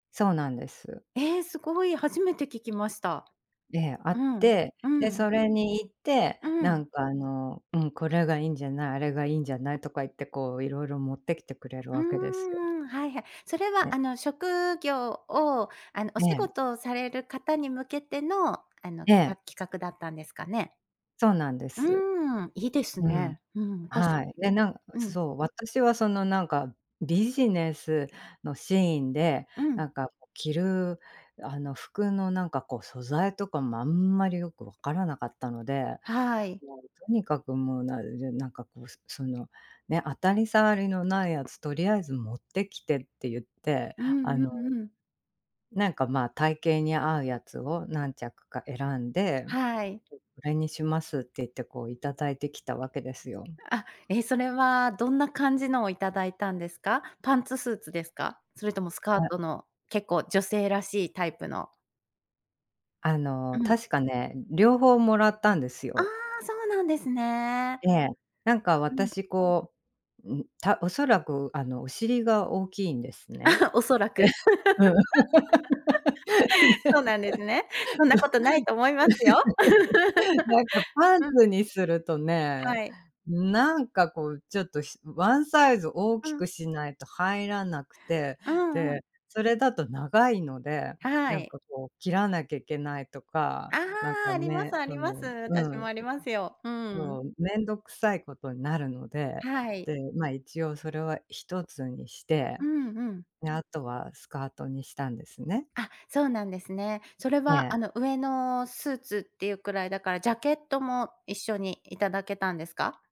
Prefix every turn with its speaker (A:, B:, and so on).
A: そうなんです。
B: ええ、すごい、初めて聞きました。
A: で、あっ
B: うん、
A: て、
B: う
A: で、
B: ん。
A: それに行って、
B: う
A: な
B: ん。
A: んかあの、うん、これがいいんじゃない、あれがいいんじゃないとか言って、こういろいろ持ってきてくれる
B: うー
A: わけですよ。
B: ん、はいはい。それは
A: ね。
B: あの、職業をあの、お
A: え
B: 仕
A: え。
B: 事をされる方に向けての、あの、
A: え
B: か企
A: え。
B: 画だったんですかね？
A: そうなんです。
B: うん、いいです
A: うん。
B: ね。うん、たし
A: はい。で、なん
B: ううん。
A: そう、私はそのなんか、ビジネスのシーンで、
B: うん。
A: なんかこう、着るあの、服のなんかこう素材とかもあんまりよく分からなかったので、
B: はい。
A: もうとにかくもうなるで、なんかこう、すその、ね、当たり障りのないやつとりあえず持ってきてって言って、
B: う
A: あ
B: んう
A: の
B: んうん。
A: なんかまあ、体型に合うやつを何着か選んで、
B: はい。
A: うこれにしますって言ってこう頂いてきたわけですよん。
B: あ、え、それはどんな感じのを頂いたんですか？パンツスーツですか？それともスカー
A: はい。
B: トの結構女性らしいタイプの。
A: あの、
B: うん。
A: 確かね、うん、両方もらったんです
B: ああ、
A: よ。
B: そうなんですね。
A: ええ、なんか
B: うん。
A: 私こう、うん、たおそらく、あの、お尻が大きいんですね。
B: おそらく。
A: うん。
B: そ
A: ね。
B: うなんですね。そんなことないと思いますよ。
A: なんかパン
B: うん。
A: ツにするとね、
B: はい。
A: なんかこうちょっとひワンサイズ大
B: う
A: きく
B: ん。
A: しないと入らなくて。
B: うんうん。
A: で、それだと長いので、
B: は
A: なん
B: い。
A: かこう切らなきゃいけないとか、
B: あ
A: なん
B: あ、
A: か
B: あります
A: ね、
B: あり
A: そ
B: ます。
A: のう
B: 私も
A: ん。
B: ありますよ。う
A: そ
B: ん。
A: う、面倒くさいことになるので、
B: はい。
A: で、ま、一応それは一つにして、
B: うんうん。
A: で、後はスカートにしたんですね。
B: あ、そうなんですね。それ
A: え
B: は、
A: え。
B: あの上のスーツっていうくらいだから、ジャケットも一緒に頂けたんですか？